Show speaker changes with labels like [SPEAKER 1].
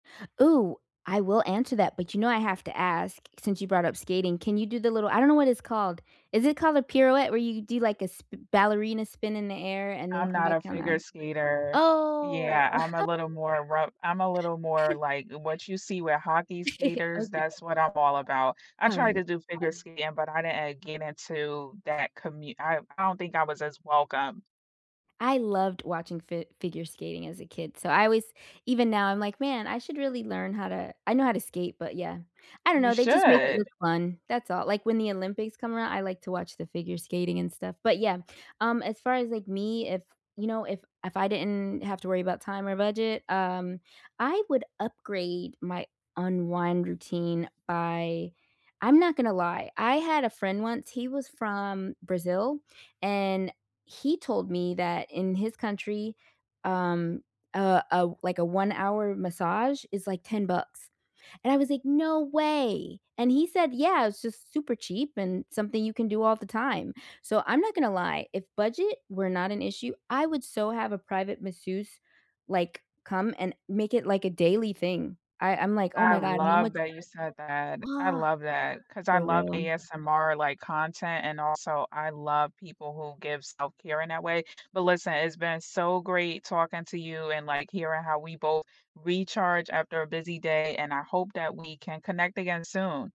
[SPEAKER 1] Ooh, I will answer that, but you know I have to ask, since you brought up skating, can you do the little I don't know what it's called, is it called a pirouette where you could do, like, a sp ballerina spin in the air and then
[SPEAKER 2] I'm
[SPEAKER 1] come
[SPEAKER 2] not
[SPEAKER 1] back
[SPEAKER 2] a
[SPEAKER 1] on the
[SPEAKER 2] figure
[SPEAKER 1] ice?
[SPEAKER 2] skater.
[SPEAKER 1] Oh.
[SPEAKER 2] Yeah, I'm a little more rough I'm a little more like what you see with hockey skaters, that's
[SPEAKER 1] Okay.
[SPEAKER 2] what I'm all about. I tried to
[SPEAKER 1] Alright.
[SPEAKER 2] do figure skating but I didn't, uh, get into that commu I I don't think I was as welcome.
[SPEAKER 1] I loved watching fi figure skating as a kid, so I always even now I'm like, "Man, I should really learn how to" I know how to skate, but yeah. I don't
[SPEAKER 2] You
[SPEAKER 1] know, they just make it
[SPEAKER 2] should.
[SPEAKER 1] look fun, that's all, like when the Olympics come around, I like to watch the figure skating and stuff. But yeah, um, as far as, like, me, if you know, if if I didn't have to worry about time or budget, um, I would upgrade my unwind routine by I'm not gonna lie, I had a friend once, he was from Brazil, and he told me that in his country, um, uh, uh, o like, a 1 hour massage is, like, 10 bucks, and I was like, "No way!" And he said, "Yeah, it's just super cheap and something you can do all the time." So I'm not gonna lie, if budget were not an issue, I would so have a private masseuse, like, come and make it, like, a daily thing, I I'm like, "Oh
[SPEAKER 2] I
[SPEAKER 1] my God, how
[SPEAKER 2] love
[SPEAKER 1] much"
[SPEAKER 2] that you said that. I
[SPEAKER 1] Ah,
[SPEAKER 2] love that, 'cause I
[SPEAKER 1] for
[SPEAKER 2] love
[SPEAKER 1] real.
[SPEAKER 2] ASMR, like, content and also, I love people who give self-care in that way. But listen, it's been so great talking to you and, like, hearing how we both recharge after a busy day, and I hope that we can connect again soon.